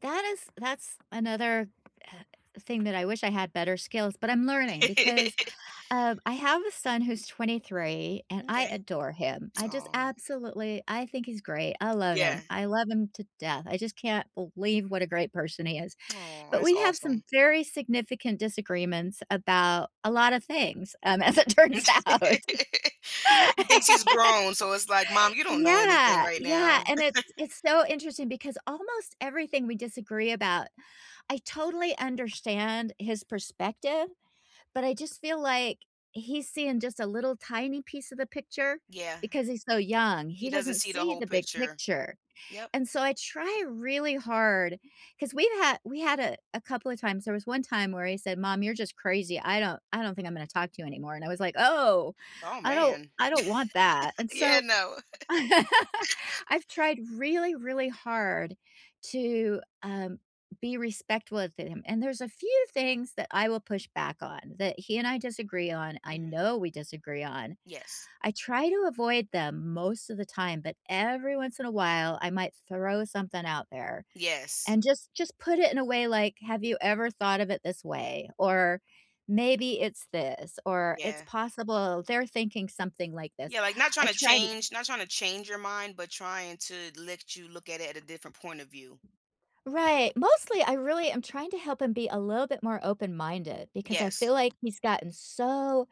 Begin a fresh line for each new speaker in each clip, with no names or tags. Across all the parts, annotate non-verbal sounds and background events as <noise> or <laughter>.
That is that's another, uh, thing that I wish I had better skills but I'm learning, because,
<laughs>
um, I have a son who's 23, and I
M'kay.
adore him. I just
Aw.
absolutely I think he's great, I love
Yeah.
him, I love him to death. I just can't believe what a great person he is,
Aw,
but
that's
we have some
awesome.
very significant disagreements about a lot of things, um, as it
Yeah.
turns
<laughs>
out.
He thinks he's
<laughs>
grown, so it's like, "Mom, you don't know anything
Yeah,
right now."
yeah, and it's
<laughs>
it's so interesting because almost everything we disagree about, I totally understand his perspective, but I just feel like, he's seeing just a little, tiny piece of the picture,
Yeah.
because he's so young,
He
he
doesn't
doesn't
see the
see
whole
the big
picture.
picture,
Yep.
and so, I try really hard 'cause we've had we had a a couple of times there was one time where he said, "Mom, you're just crazy. I don't I don't think I'm gonna talk to you anymore," and I was like, "Oh,
Oh,
I don't
man. <laughs>
I don't want that," and
Yeah,
so
no.
<laughs>
<laughs>
I've tried really, really hard to, um, be respectful of him, and there's a few things that I will push back on that he and I disagree on, I
Mhm.
know we disagree on,
Yes.
I try to avoid them most of the time, but every once in a while, I might throw something out there
Yes.
and just just put it in a way like, "Have you ever thought of it this way, or, maybe it's this, or, it's
Yeah.
possible they're thinking something like this,"
Yeah, like, not trying
I
to
tried t
change not trying to change your mind, but trying to let you look at it at a different point of view.
Right, mostly, I really am trying to help him be a little bit more open minded because I
Yes.
feel like he's gotten so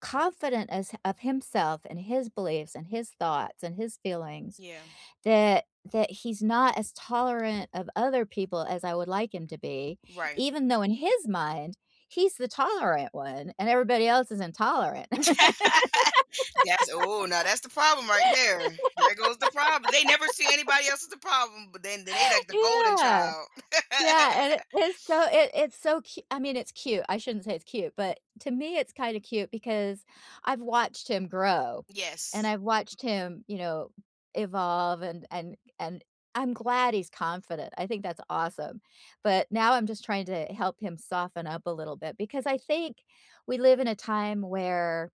confident as of himself, and his beliefs, and his thoughts, and his feelings
Yeah.
that that he's not as tolerant of other people as I would like him to be,
Right.
even though in his mind he's the tolerant one, and everybody else is intolerant.
<laughs> That's ooh, now that's the problem right
<laughs>
there, there goes the prob They never see anybody else as a problem, but then then they like the golden
Yeah,
child. <laughs>
yeah, and it is so it it's so cu I mean, it's cute, I shouldn't say it's cute, but to me, it's kinda cute because, I've watched him grow, and
Yes.
I've watched him, you know, evolve, and and and I'm glad he's confident, I think that's awesome, but now I'm just trying to help him soften up a little bit, because I think we live in a time where,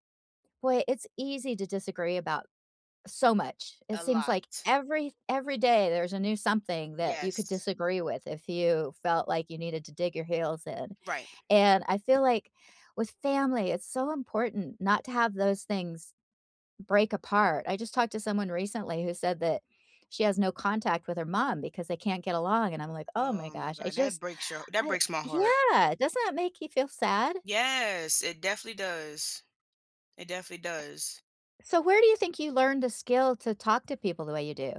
boy, it's easy to disagree about so much. It
A
seems like
lot.
every every day there's a new something that you could
Yes.
disagree with if you felt like you needed to dig your heels in,
Right.
and I feel like with family, it's so important not to have those things break apart. I just talked to someone recently who said that she has no contact with her mom because they can't get along, and I'm like, "Oh my
Oh, my
gosh," I
god, that
just
breaks your that
I
breaks my heart.
Yeah, doesn't that make you feel sad?
Yes, it definitely does. It definitely does.
So, where do you think you learned the skill to talk to people the way you do?